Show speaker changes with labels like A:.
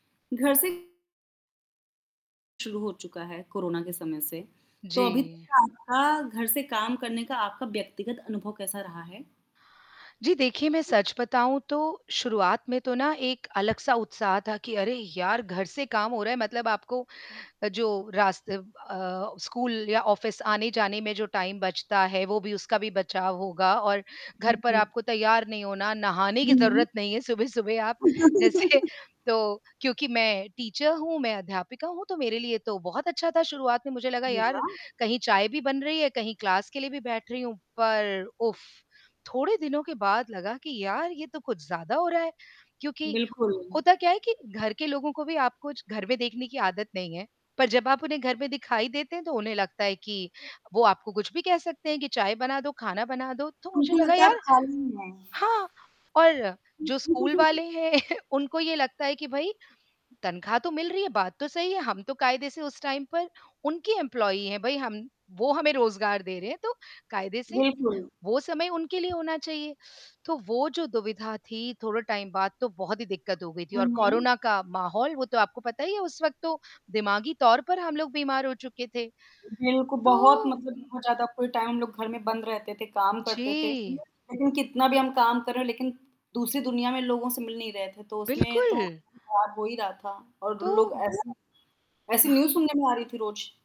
A: घर से शुरू हो चुका है कोरोना के समय से, तो अभी तक
B: जी।
A: आपका घर से काम करने का आपका व्यक्तिगत अनुभव कैसा रहा है?
B: जी, देखिए मैं
A: उ, जी।
B: सच बताऊँ तो शुरुआत में तो ना एक अलग-सा उत्साह था कि, अरे यार! घर से काम हो रहा है, मतलब आपको जो रास्ते अ, स्कूल या ऑफ़िस आने-जाने में जो टाइम बचता है, वो भी उसका भी बचाव होगा और घर पर
A: बिल्कुल
B: आपको तैयार नहीं होना, नहाने
A: हुँ,
B: की
A: हुँ।
B: ज़रूरत नहीं है सुबह-सुबह, आप जैसे तो क्योंकि मैं टीचर हूँ, मैं अध्यापिका हूँ तो मेरे लिए तो बहुत अच्छा था शुरुआत में, मुझे लगा,
A: जी,
B: यार
A: हाँ।
B: कहीं चाय भी बन रही है कहीं क्लास के लिए भी बैठ रही हूँ। पर उफ्फ़! थोड़े दिनों के बाद लगा कि यार ये तो कुछ ज़्यादा हो रहा है, क्योंकि
A: बिल्कुल।
B: होता क्या है कि घर के लोगों को भी आपको घर में देखने की आदत नहीं है, पर जब आप उन्हें घर में दिखाई देते हैं, तो उन्हें लगता है कि वो आपको कुछ भी कह सकते हैं कि "चाय बना दो, खाना बना दो," तो मुझे
A: उनको
B: लगा
A: लगता है आप
B: यार
A: खाली ही हैं।
B: हाँ, और
A: हुँ।
B: जो स्कूल वाले हैं, उनको ये लगता है कि, भाई तनख्वाह तो मिल रही है। बात तो सही है हम तो कायदे से उस टाइम पर उनकी एम्प्लॉयी हैं भाई, हम वो हमें रोज़गार दे रहे हैं तो कायदे से,
A: बिल्कुल।
B: वो समय उनके लिए होना चाहिए, तो वो जो दुविधा थी, थोड़े टाइम बाद तो बहुत ही दिक्कत हो गई थी
A: हाँ,
B: और
A: हुँ।
B: कोरोना का माहौल वो तो आपको पता ही है, उस वक़्त तो दिमागी तौर पर हम लोग बीमार हो चुके थे।
A: बिल्कुल,
B: तो
A: बहुत
B: उ
A: मतलब बहुत ज़्यादा फुल टाइम हम लोग घर में बंद रहते थे, काम करते थे,
B: जी।
A: लेकिन कितना भी हम काम कर रहे हों लेकिन दूसरी दुनिया में लोगों से मिल नहीं रहे थे। तो उसमें तो [unintelligible]
B: बिल्कुल।
A: ख़राब हो ही रहा था और
B: तो
A: लोग ऐसे ऐसी
B: हाँ।
A: न्यूज़ सुनने में आ रही थी रोज।